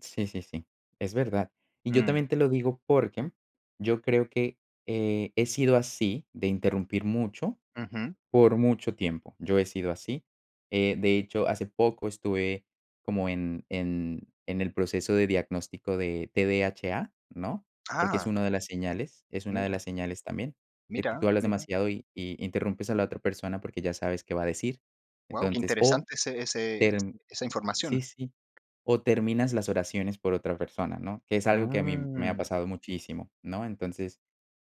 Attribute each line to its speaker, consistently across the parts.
Speaker 1: Sí, sí, sí, es verdad. Y yo
Speaker 2: Mm.
Speaker 1: también te lo digo porque yo creo que, eh, he sido así, de interrumpir mucho.
Speaker 2: Ujú.
Speaker 1: Por mucho tiempo, yo he sido así, eh, de hecho, hace poco estuve como en en en el proceso de diagnóstico de TDHA, ¿no? Porque es
Speaker 2: Ah.
Speaker 1: una de las señales. Es una de
Speaker 2: Mira.
Speaker 1: las señales también de que
Speaker 2: Mira,
Speaker 1: tú hablas
Speaker 2: mira.
Speaker 1: demasiado y y interrumpes a la otra persona porque ya sabes qué va a decir.
Speaker 2: Guau, qué
Speaker 1: Entonces, o
Speaker 2: interesante ese ese ese
Speaker 1: termi
Speaker 2: esa
Speaker 1: sí,
Speaker 2: información.
Speaker 1: sí. O terminas las oraciones por otra persona, ¿no? Que es algo que a mí me ha
Speaker 2: Mm.
Speaker 1: pasado muchísimo, ¿no? Entonces,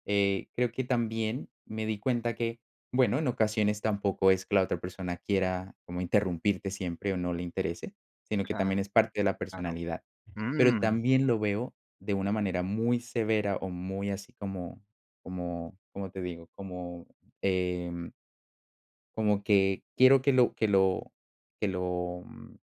Speaker 1: eh, creo que también me di cuenta que, bueno, en ocasiones tampoco es que la otra persona quiera como interrumpirte siempre o no le interese, sino que también es
Speaker 2: Claro.
Speaker 1: parte de la personalidad. Pero
Speaker 2: Mm.
Speaker 1: también lo veo de una manera muy severa o muy así como como ¿como te digo?, como, em como que quiero que lo que lo que lo, mm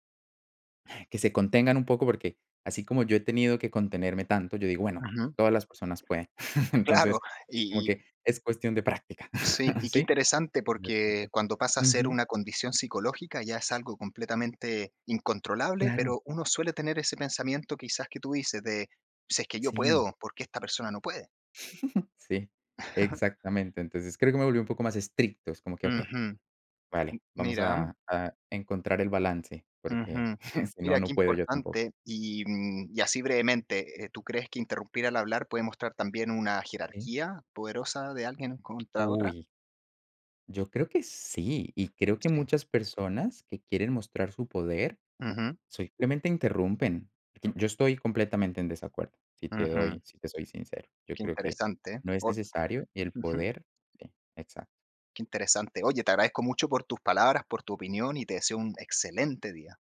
Speaker 1: que se contengan un poco, porque así como yo he tenido que contenerme tanto, yo digo, bueno,
Speaker 2: Ujú.
Speaker 1: todas las personas pueden.
Speaker 2: Claro.
Speaker 1: Entonces, como
Speaker 2: Y y
Speaker 1: que es cuestión de práctica
Speaker 2: Sí. Y qué
Speaker 1: sí.
Speaker 2: interesante, porque
Speaker 1: [unintelligible]
Speaker 2: cuando pasa a ser
Speaker 1: Ujú.
Speaker 2: una condición psicológica, ya es algo completamente incontrolable.
Speaker 1: Claro.
Speaker 2: Pero uno suele tener ese pensamiento quizás que tú dices de, si es que yo
Speaker 1: Sí.
Speaker 2: puedo, ¿por qué esta persona no puede?
Speaker 1: Sí. Exactamente. Entonces, creo que me volví un poco más estricto, es como que okey,
Speaker 2: Ujú. M
Speaker 1: vale, vamos
Speaker 2: mira.
Speaker 1: a a encontrar el balance porque
Speaker 2: Ujú.
Speaker 1: si no
Speaker 2: Mira, qué
Speaker 1: no puedo yo tampoco.
Speaker 2: importante. Y, mm, y así brevemente, eh, ¿tú crees que interrumpir al hablar puede mostrar también una
Speaker 1: Sí.
Speaker 2: jerarquía poderosa de alguien contra otra?
Speaker 1: Uy. Yo creo que sí. Y creo que
Speaker 2: Sí.
Speaker 1: muchas personas que quieren mostrar su poder,
Speaker 2: Ujú.
Speaker 1: simplemente interrumpen. Yo estoy completamente en desacuerdo, si te doy
Speaker 2: Ujú.
Speaker 1: si te soy sincero, yo
Speaker 2: Qué
Speaker 1: creo que
Speaker 2: interesante.
Speaker 1: no es
Speaker 2: O
Speaker 1: necesario el
Speaker 2: Ujú.
Speaker 1: poder sí, exacto.
Speaker 2: Qué interesante. Oye, te agradezco mucho por tus palabras, por tu opinión y te deseo un excelente día.